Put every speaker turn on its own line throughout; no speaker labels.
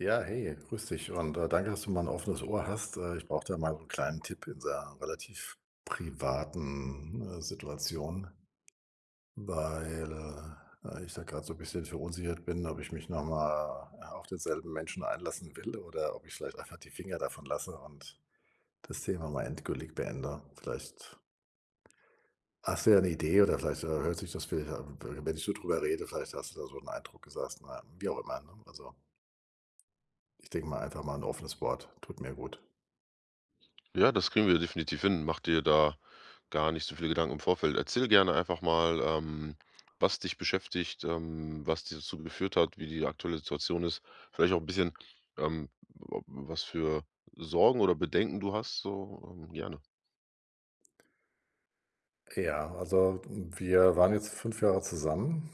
Ja, hey, grüße dich. Und, äh, danke, dass du mal 'n offenes Ohr hast. Äh, ich brauche da mal 'n kleinen Tipp in dieser, äh, relativ privaten, äh, Situation, weil, äh, ich da grade so bisschen verunsichert bin, ob ich mich noch mal, äh, auf denselben Menschen einlassen will oder ob ich vielleicht einfach die Finger davon lasse und das Thema mal endgültig beende. Vielleicht hast du ja 'ne Idee oder vielleicht, äh, hört sich das vielleicht, w wenn ich so drüber rede, vielleicht hast du da so 'n Eindruck und sagst na, wie auch immer, ne? Also ich denke mal einfach mal, 'n offenes Wort tut mir gut.
Ja, das kriegen wir definitiv hin. Mach dir da gar nicht so viel Gedanken im Vorfeld. Erzähl gerne einfach mal, ähm, was dich beschäftigt, ähm, was dir dazu geführt hat, wie die aktuelle Situation ist. Vielleicht auch 'n bisschen, ähm, ob was für Sorgen oder Bedenken du hast so, äh. Gerne.
Ja, also, w wir waren jetzt 5 Jahre zusammen.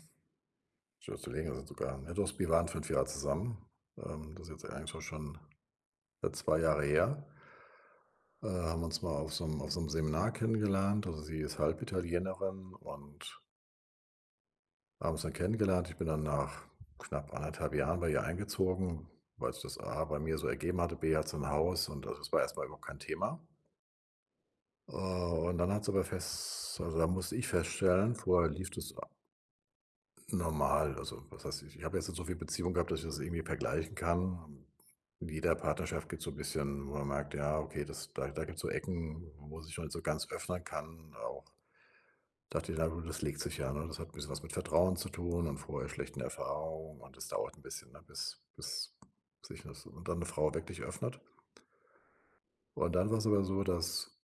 Schon so länger schon sogar. Ah, ne, doch, wir waren 5 Jahre zusammen, ähm. Das ist jetzt eigentlich so schon 2 Jahre her. Ähm, haben uns mal auf so 'nem auf so 'nem Seminar kennengelernt. Also, sie ist Halbitalienerin und haben uns dann kennengelernt. Ich bin dann nach, knapp 1 1/2 Jahren bei ihr eingezogen, weil's das A bei mir so ergeben hatte, B hatte sie 'n Haus und also, es war erst mal überhaupt kein Thema. Oh, und dann hat sie aber fess also, da musste ich feststellen vorher lief das a normal. Also, was weiß ich. Ich habe jetzt nicht so viele Beziehung gehabt, dass ich das irgendwie vergleichen kann. In jeder Partnerschaft gibt's so 'n bisschen, wo man merkt: „Ja, okay, das da da gibt's so Ecken, wo sich halt so ganz öffnen kann auch.” Dachte ich: „Na gut, das legt sich ja”, ne? Das hat 'n bisschen was mit Vertrauen zu tun und vorher schlechten Erfahrungen und das dauert 'n bisschen, ne, bis bis sich da und dann 'ne Frau wirklich öffnet. Und dann war's aber so, dass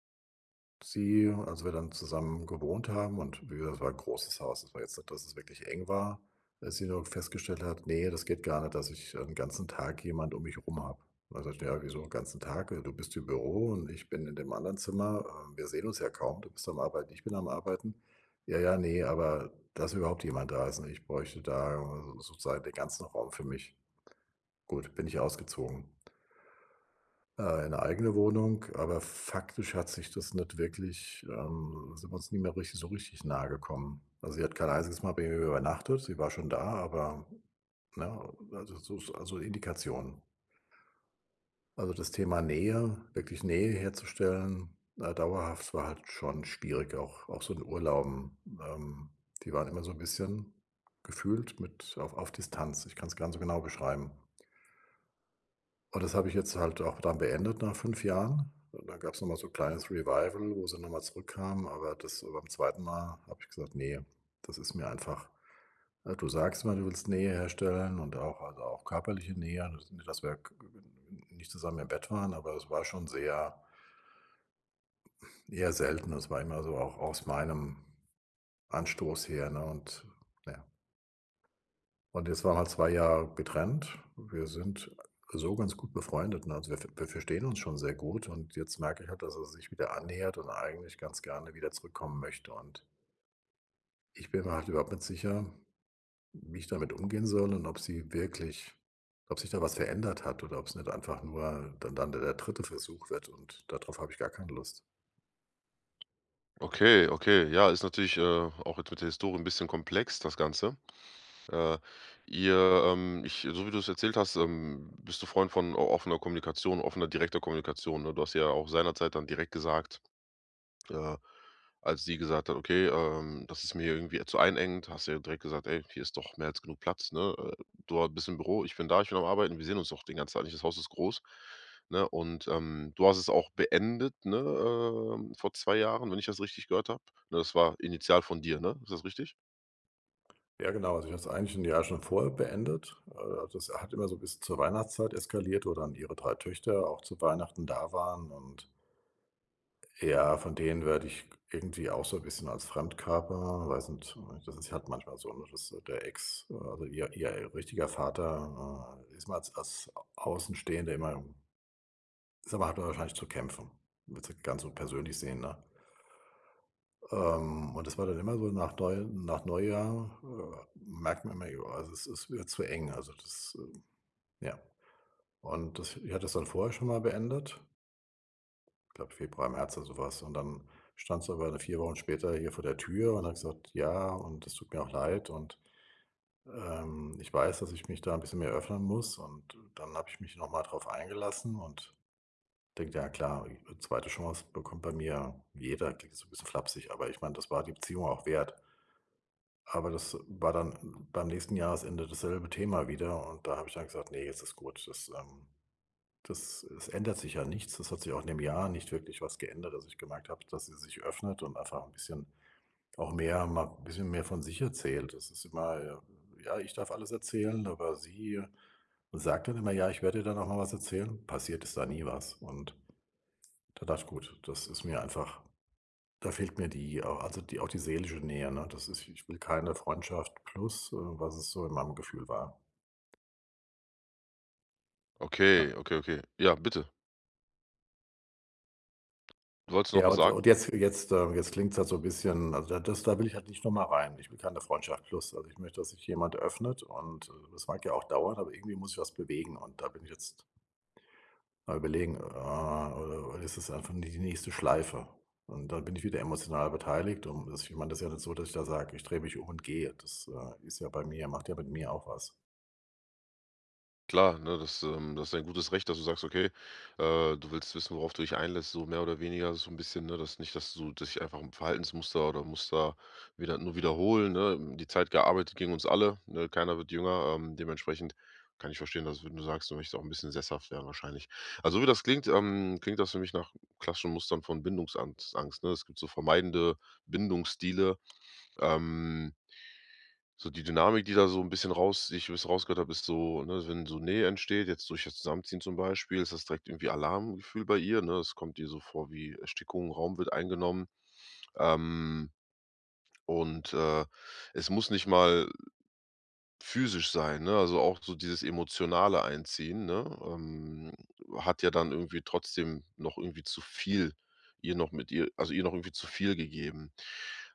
sie, als wir dann zusammen gewohnt haben und w wir das war 'n großes Haus, das war jetzt nicht, dass es wirklich eng war, dass sie dann irgendwann festgestellt hat: „Ne, das geht gar nicht, dass ich 'n ganzen Tag jemand um mich rum habe." Dann sage ich: „Na ja, wieso, 'n ganzen Tag, äh, du bist im Büro und ich bin in dem anderen Zimmer. Ähm, wir sehen uns ja kaum. Du bist am Arbeiten. Ich bin am Arbeiten.” „Ja, ja, ne, aber, dass überhaupt jemand da ist, ne? Ich bräuchte da sozusagen den ganzen Raum für mich.” Gut, bin ich ausgezogen äh, in 'ne eigene Wohnung. Aber f faktisch hat sich das nicht wirklich ähm, sind wir uns nie mehr richtig so richtig nahegekommen. Also, sie hat kein einziges Mal bei mir mehr übernachtet, sie war schon da, aber, ne? Äh, also so, äh, also Indikationen. Also, das Thema Nähe, wirklich Nähe herzustellen, ne, dauerhaft, war halt schon schwierig, auch auch so in Urlauben. Ähm, die waren immer so 'n bisschen gefühlt mit auf auf Distanz. Ich kann es gar nicht so genau beschreiben. Und das habe ich jetzt halt auch dann beendet nach 5 Jahren. Und dann gab's noch mal so kleines Revival, wo sie noch mal zurückkam, aber das beim 2. Mal habe ich gesagt: „Ne, das ist mir einfach, ne du sagst zwar, du willst Nähe herstellen und auch also, auch körperliche Nähe." Also, nicht dass wir g g n nicht zusammen im Bett waren, aber das war schon sehr eher selten. Das war immer so auch aus meinem Anstoß her, ne und na ja. Und jetzt waren wir halt 2 Jahre getrennt. Wir sind so ganz gut befreundet, ne? Also, wir ver wir verstehen uns schon sehr gut. Und jetzt merke ich halt, dass sie sich wieder annähert und eigentlich ganz gerne wieder zurückkommen möchte. Und ich bin mir halt überhaupt nicht sicher, w wie ich damit umgehen soll und ob sie wirklich ob sich da was verändert hat oder ob's nicht einfach nur dann dann de der 3. Versuch wird. Und da drauf habe ich gar keine Lust.
Okay, okay. Ja, ist natürlich, äh, auch jetzt mit der Historie 'n bisschen komplex das Ganze. Äh. Ihr, ähm ich, so wie du's erzählt hast, ähm, bist du Freund von o offener Kommunikation offener direkter Kommunikation, ne? Du hast ja auch seinerzeit dann direkt gesagt, äh, als sie gesagt hat: „Okay, ähm, das ist mir irgendwie zu einengend.“ Hast du ja direkt gesagt: „Ey, hier ist doch mehr als genug Platz, ne? Äh, du a bist im Büro, ich bin da, ich bin am Arbeiten. Wir sehen uns doch den ganzen Tag nicht? Das Haus ist groß, ne?“ Und, ähm, du hast es auch beendet, ne, ähm, vor 2 Jahren, wenn ich das richtig gehört habe, ne? Das war initial von dir, ne? Ist das richtig?
Ja, genau, also ich habe es eigentlich 1 Jahr schon vorher beendet. Äh, also das hat immer so bis zur Weihnachtszeit eskaliert, wo dann ihre 3 Töchter auch zu Weihnachten da waren. Und ja, von denen werde ich irgendwie auch so 'n bisschen als Fremdkörper weiß nicht so recht das ist halt manchmal so, ne, dass der Ex also ihr ihr richtiger Vater, äh, [unintelligible] als Außenstehende immer [unintelligible] hat man wahrscheinlich zu kämpfen. Würde es nicht ganz so persönlich sehen, ne? Ähm, und das war dann immer so nach Neu nach Neujahr, äh, merkt man immer, ja, also es ist wird zu eng, also das, ähm, ja. Und das ich hatte das dann vorher schon mal beendet glaube, Februar, März oder so was. Und dann stand sie aber dann 4 Wochen später hier vor der Tür und hat gesagt: „Ja und das tut mir auch leid und, ähm, ich weiß, dass ich mich da 'n bisschen mehr öffnen muss.“ Und dann habe ich mich noch mal darauf eingelassen und denke: „Ja klar, 'ne 2. Chance bekommt bei mir jeder.“ Klingt jetzt so 'n bisschen flapsig, aber ich meine, das war die Beziehung auch wert. Aber das war dann beim nächsten Jahresende dasselbe Thema wieder und da habe ich dann gesagt: „Ne, jetzt ist gut.“ Das, ähm das es ändert sich ja nichts. Es hat sich auch in dem Jahr nicht wirklich was geändert, dass ich gemerkt habe, dass sie sich öffnet und einfach 'n bisschen auch mehr mal 'n bisschen mehr von sich erzählt. Das ist immer, ja ja ich darf alles erzählen, aber sie sagt dann immer: „Ja, ich werde dir dann auch mal was erzählen.“ Passiert ist da nie was. Und dann dachte ich, gut, das ist mir einfach da fehlt mir die, äh also die auch die seelische Nähe, ne? Das ist ich will keine Freundschaft plus, äh, was es so in meinem Gefühl war.
Okay,
Ja.
okay, okay. Ja, bitte. Du wolltest noch
Ja,
was
und
sagen?
und jetzt jetzt, äh, jetzt klingt's halt so 'n bisschen, also das da will ich halt nicht noch mal rein. Ich will keine Freundschaft plus. Also, ich möchte, dass sich jemand öffnet, und es mag ja auch dauern, aber irgendwie muss sich was bewegen. Und da bin ich jetzt mal überlegen, ah, oder oder ist das einfach nur die nächste Schleife? Und dann bin ich wieder emotional beteiligt und das ich meine, das ist ja nicht so, dass ich da sage: „Ich drehe mich und gehe.“ Das, äh, ist ja bei mir macht ja mit mir auch was.
Klar, ne, das, ähm das ist dein gutes Recht, dass du sagst, okay, äh, du willst wissen, worauf du dich einlässt, so mehr oder weniger, so 'n bisschen. Ne, dass nicht dass du dass sich einfach 'n Verhaltensmuster oder Muster wieder nur wiederholen, ne? Die Zeit gearbeitet gegen uns alle, ne? Keiner wird jünger, ähm, dementsprechend kann ich verstehen, dass, wenn du sagst, du möchtest auch 'n bisschen sesshaft werden wahrscheinlich. Ja, so wie das klingt, ähm, klingt das für mich nach klassischen Mustern von Bindungsangst Angst, ne? Es gibt so vermeidende Bindungsstile, ähm. So die Dynamik, die da so 'n bisschen raus die ich wie ich es rausgehört habe, ist so, ne, wenn so Nähe entsteht, jetzt durch das Zusammenziehen zum Beispiel, ist das direkt irgendwie Alarmgefühl bei ihr, ne? Es kommt ihr so vor wie Erstickung, Raum wird eingenommen, ähm, und, äh, es muss nicht mal physisch sein, ne, also auch so dieses emotionale Einziehen, ne, ähm, hat ja dann irgendwie trotzdem noch irgendwie zu viel ihr noch mit ihr also ihr noch irgendwie zu viel gegeben.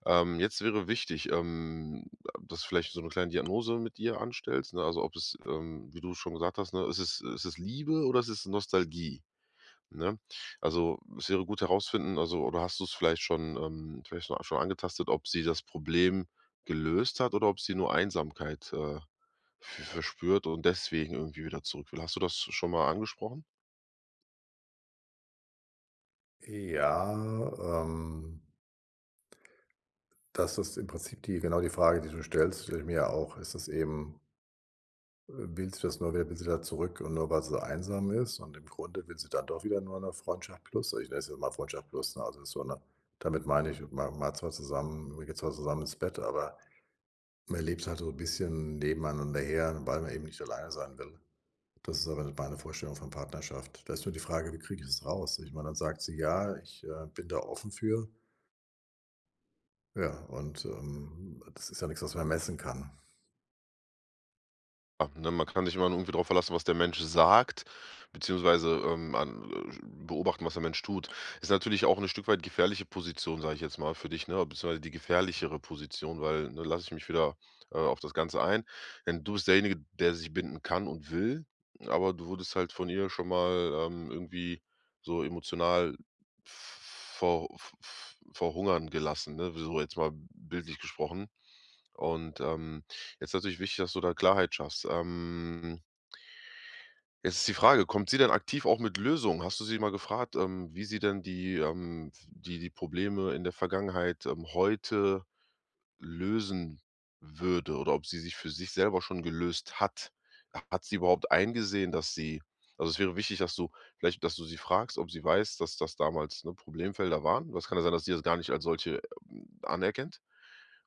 Ähm, jetzt wäre wichtig, ähm, dass du vielleicht so 'ne kleine Diagnose mit ihr anstellst, ne? Also, ob es ähm, wie du schon gesagt hast, ne, ist es ist es Liebe oder ist es Nostalgie, ne? Also, es wäre gut herausfinden also, oder hast du es vielleicht schon ähm, vielleicht scho schon angetastet, ob sie das Problem gelöst hat oder ob sie nur Einsamkeit, äh, v verspürt und deswegen irgendwie wieder zurückwill. Hast du das schon mal angesprochen?
Ja, ähm das ist im Prinzip die genau die Frage, die du stellst, stelle ich mir ja auch. Ist das eben äh, will sie das nur wer will sie wieder zurück und nur, weil sie einsam ist, und im Grunde will sie dann doch wieder nur 'ne Freundschaft plus? Also, ich nenne es jetzt mal Freundschaft plus, ne? Also, ist so 'ne damit meine ich, man malt zwar zusammen, man geht zwar zusammen ins Bett, aber man lebt halt so 'n bisschen nebeneinander her, weil man eben nicht alleine sein will. Das ist aber nicht meine Vorstellung von Partnerschaft. Da ist nur die Frage: Wie kriege ich es raus? Ich meine, dann sagt sie: „Ja, ich, äh, bin da offen für.“ Ja, und, ähm, das ist ja nix, was man messen kann.
H denn man kann sich immer nur irgendwie drauf verlassen, was der Mensch sagt, beziehungsweise, ähm, ähm, beobachten, was der Mensch tut. Ist natürlich auch 'ne Stück weit gefährliche Position, sage ich jetzt mal, für dich, ne, beziehungsweise die gefährlichere Position, weil, ne, lass ich mich wieder, äh, auf das Ganze ein. Denn du bist derjenige, der sich binden kann und will, aber du wurdest halt von ihr schon mal, ähm, irgendwie so emotional v v vor v v verhungern gelassen, ne? So, jetzt mal bildlich gesprochen. Und, ähm, jetzt ist natürlich wichtig, dass du da Klarheit schaffst, ähm Jetzt ist die Frage: Kommt sie denn aktiv auch mit Lösungen? Hast du sie mal gefragt, ähm, wie sie denn die, ähm, f die die Probleme in der Vergangenheit, ähm, heute lösen würde oder ob sie sich für sich selber schon gelöst hat? Hat sie überhaupt eingesehen, dass sie also, es wäre wichtig, dass du vielleicht, dass du sie fragst, ob sie weiß, dass das damals, ne, Problemfelder waren? Das kann ja sein, dass die das gar nicht als solche, hm, anerkennt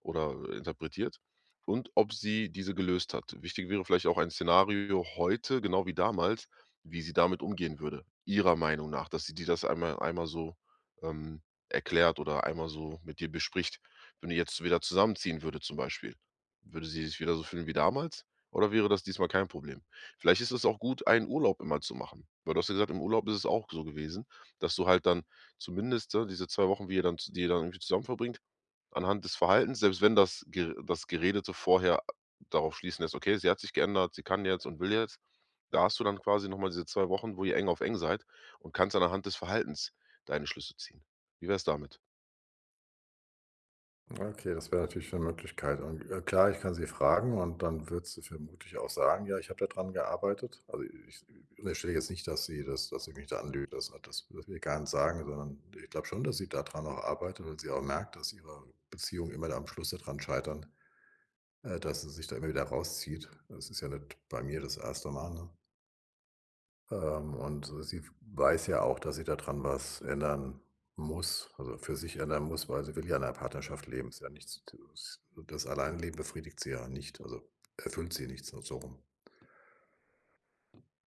oder interpretiert. Und ob sie diese gelöst hat. Wichtig wäre vielleicht auch ein Szenario heute genau wie damals, wie sie damit umgehen würde, ihrer Meinung nach, dass sie dir das einmal einmal so, ähm, erklärt oder einmal so mit dir bespricht. Wenn ihr jetzt wieder zusammenziehen würdet, zum Beispiel, würde sie sich wieder so fühlen wie damals oder wäre das diesmal kein Problem? Vielleicht ist es auch gut, einen Urlaub immer zu machen, weil du hast ja gesagt, im Urlaub ist es auch so gewesen. Dass du halt dann zumindest da diese 2 Wochen, wie ihr die ihr dann irgendwie zusammen verbringt anhand des Verhaltens selbst wenn das Ge das Gerede so vorher darauf schließen lässt: „Okay, sie hat sich geändert, sie kann jetzt und will jetzt. Da hast du dann quasi noch mal diese 2 Wochen, wo ihr eng auf eng seid, und kannst dann anhand des Verhaltens deine Schlüsse ziehen. Wie wär's damit?
Okay, das wäre natürlich 'ne Möglichkeit. Und, äh, klar, ich kann sie fragen und dann würde sie vermutlich auch sagen: „Ja, ich habe da dran gearbeitet.“ Also ich, äh, unterstell jetzt nicht, dass sie das dass sie mich da anlügt. Also, das dürfen wir gar nicht sagen, sondern ich glaube schon, dass sie da dran auch arbeitet und sie auch merkt, dass ihre Beziehungen immer da am Schluss da dran scheitern, äh, dass sie sich da immer wieder rauszieht. Es ist ja nicht bei mir das 1. Mal, ne? Ähm, und sie w weiß ja auch, dass sie da dran was ändern muss, also, für sich ändern muss, weil sie will ja in 'ner Partnerschaft leben. Ist ja nicht so, dass, äh das Alleinleben befriedigt sie ja nicht, also erfüllt sie nicht, so so rum.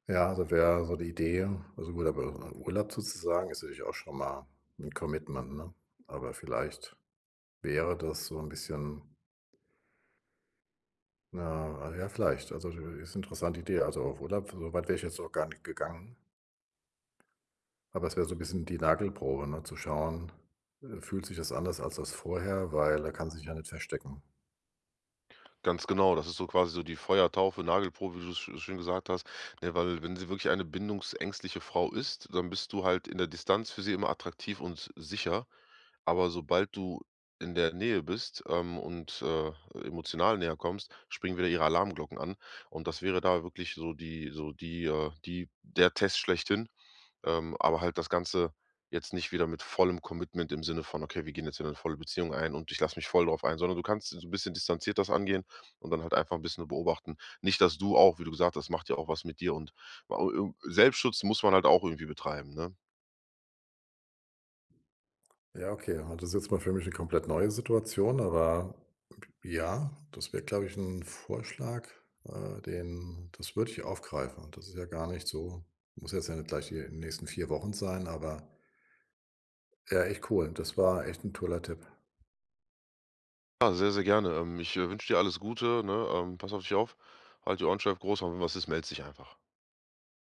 Ja, da wäre so die Idee also gut, aber, äh, Urlaub zu zusagen, ist natürlich auch schon mal 'n Commitment, ne? Aber vielleicht wäre das so 'n bisschen na, äh, ja, vielleicht. Also [unintelligible] ist interessante Idee, also auf Urlaub für so weit wäre ich jetzt noch gar nicht gegangen. Aber es wäre so 'n bisschen die Nagelprobe, ne? Zu schauen, äh, fühlt sich das anders als als vorher, weil da kann sie sich ja nicht verstecken.
Ganz genau, das ist so quasi so die Feuertaufe, Nagelprobe, wie du's scho schön gesagt hast. Ne, weil wenn sie wirklich eine bindungsängstliche Frau ist, dann bist du halt in der Distanz für sie immer attraktiv und s sicher, aber sobald du in der Nähe bist, ähm, und, äh, emotional näher kommst, springen wieder ihre Alarmglocken an und das wäre da wirklich so die so die, äh, die der Test schlechthin, ähm, aber halt das Ganze jetzt nicht wieder mit vollem Commitment im Sinne von: „Okay, wir gehen jetzt wieder 'ne volle Beziehung ein und ich lasse mich voll drauf ein.“ Sondern du kannst so bisschen distanziert das angehen und dann halt einfach 'n bisschen beobachten. Nicht, dass du auch wie du gesagt hast, macht ja auch was mit dir und au ir Selbstschutz muss man halt auch irgendwie betreiben, ne?
Ja, okay. Also das ist jetzt mal für mich 'ne komplett neue Situation, aber, j ja, das wäre, glaube ich, 'n Vorschlag, äh, den das würde ich aufgreifen. Und das ist ja gar nicht so muss jetzt ja nicht gleich hier in den nächsten 4 Wochen sein, aber ja, echt cool. Das war echt 'n toller Tipp.
Ah, sehr, sehr gerne. Ähm, ich wünsche dir alles Gute, ne? Ähm, pass auf dich auf. Halte die Ohren steif, Großer, und wenn was ist, meldest dich einfach.